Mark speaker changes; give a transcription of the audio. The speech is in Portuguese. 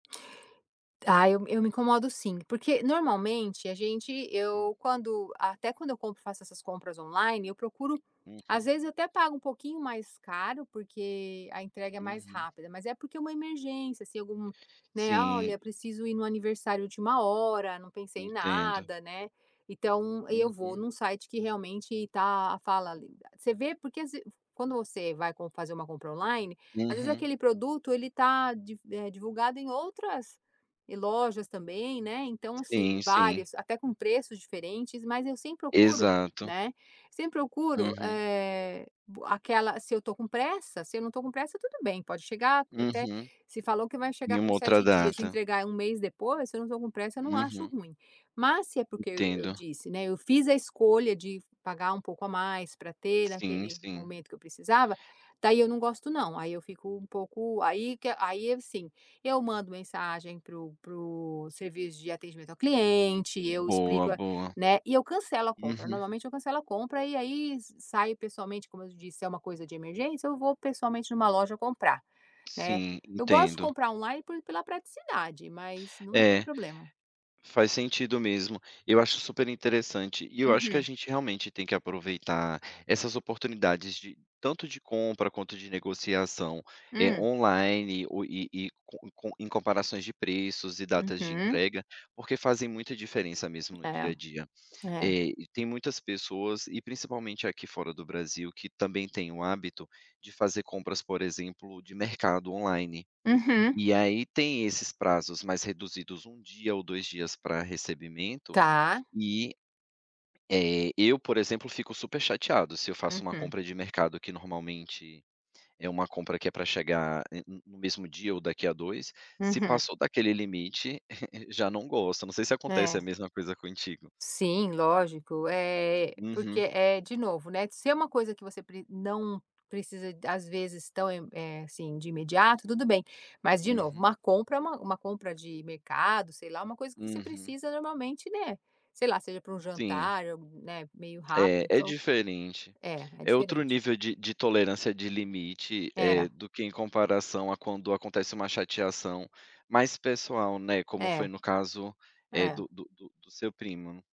Speaker 1: Ah, eu eu me incomodo sim, porque, normalmente, a gente
Speaker 2: Hum.
Speaker 1: eu quando até quando eu compro, faço essas compras online, eu procuro às
Speaker 2: Uhum.
Speaker 1: vezes até pago um pouquinho mais caro, porque a entrega é mais
Speaker 2: Uhum.
Speaker 1: rápida, mas é porque é uma emergência. Se algum, né:
Speaker 2: Sim.
Speaker 1: "Olha, preciso ir num aniversário última hora, não pensei em
Speaker 2: Entendo.
Speaker 1: nada", né. Então, aí eu vou
Speaker 2: Uhum.
Speaker 1: num site que, realmente, tá [unintelligible] você vê, porque às v quando você vai com fazer uma compra online, às vezes
Speaker 2: Uhum.
Speaker 1: aquele produto ele tá div eh, divulgado em outras e lojas também, né. Então, assim,
Speaker 2: Sim, sim.
Speaker 1: várias, até com preços diferentes, mas eu sempre procuro,
Speaker 2: Exato.
Speaker 1: né, sempre procuro,
Speaker 2: Uhum.
Speaker 1: eh, b aquela se eu tô com pressa. Se eu não tô com pressa, tudo bem, pode chegar até
Speaker 2: Uhum.
Speaker 1: se falou que vai
Speaker 2: Em
Speaker 1: chegar com
Speaker 2: uma outra
Speaker 1: 7 dias, e
Speaker 2: data.
Speaker 1: entregar 1 mês depois, se eu não tô com pressa, eu não acho
Speaker 2: Uhum.
Speaker 1: ruim. Mas, se é porque eu eu
Speaker 2: Entendo.
Speaker 1: disse, né, eu fiz a escolha de pagar um pouco a mais, pra ter
Speaker 2: Sim,
Speaker 1: naquele
Speaker 2: sim.
Speaker 1: momento que eu precisava, daí eu não gosto não. Aí eu fico um pouco aí que a aí, assim, eu mando mensagem para o para o serviço de atendimento ao cliente, eu
Speaker 2: Boa,
Speaker 1: explico a
Speaker 2: boa.
Speaker 1: né, e eu cancelo a compra.
Speaker 2: Uhum.
Speaker 1: Normalmente eu cancelo a compra, e aí s saio pessoalmente. Como eu te disse, se é uma coisa de emergência, eu vou pessoalmente numa loja comprar, né.
Speaker 2: Sim.
Speaker 1: Eu gosto de
Speaker 2: Entendo.
Speaker 1: comprar online por pela praticidade, mas não tem
Speaker 2: É.
Speaker 1: problema.
Speaker 2: Faz sentido mesmo. Eu acho super interessante, e eu acho que a
Speaker 1: Uhum.
Speaker 2: gente, realmente, tem que aproveitar essas oportunidades de tanto de compra, quanto de negociação, eh,
Speaker 1: Hum.
Speaker 2: online o e e co e co em comparações de preços e datas de
Speaker 1: Uhum.
Speaker 2: entrega, porque fazem muita diferença mesmo, no dia
Speaker 1: É.
Speaker 2: a dia.
Speaker 1: É.
Speaker 2: Eh, e tem muitas pessoas, e principalmente aqui, fora do Brasil, que também têm o hábito de fazer compras, por exemplo, de mercado, online.
Speaker 1: Uhum.
Speaker 2: E aí tem esses prazos mais reduzidos, 1 dia ou 2 dias pra recebimento
Speaker 1: Tá.
Speaker 2: e, eh, eu, por exemplo, fico super chateado se eu faço uma
Speaker 1: Uhum.
Speaker 2: compra de mercado, que normalmente é uma compra que é pra chegar n n no mesmo dia ou daqui há 2, se
Speaker 1: Uhum.
Speaker 2: passou daquele limite, já não gosto. Não sei se acontece
Speaker 1: É.
Speaker 2: a mesma coisa contigo.
Speaker 1: Sim, lógico. Eh, porque,
Speaker 2: Uhum.
Speaker 1: eh, de novo, né, se é uma coisa que você pr não precisa d às vezes, tão e eh, assim, de imediato, tudo bem. Mas, de novo,
Speaker 2: Uhum.
Speaker 1: uma compra é uma uma compra de mercado, sei lá, uma coisa que você
Speaker 2: Uhum.
Speaker 1: precisa, normalmente, né, sei lá, seja para um
Speaker 2: Sim.
Speaker 1: jantar ou, né, meio rápido,
Speaker 2: É, é
Speaker 1: então
Speaker 2: diferente.
Speaker 1: é, é
Speaker 2: É outro
Speaker 1: diferente.
Speaker 2: nível de de tolerância de limite, eh,
Speaker 1: É.
Speaker 2: do que em comparação a quando acontece uma chateação mais pessoal, né, como foi
Speaker 1: É.
Speaker 2: no caso, eh,
Speaker 1: É.
Speaker 2: do do do do seu primo, né.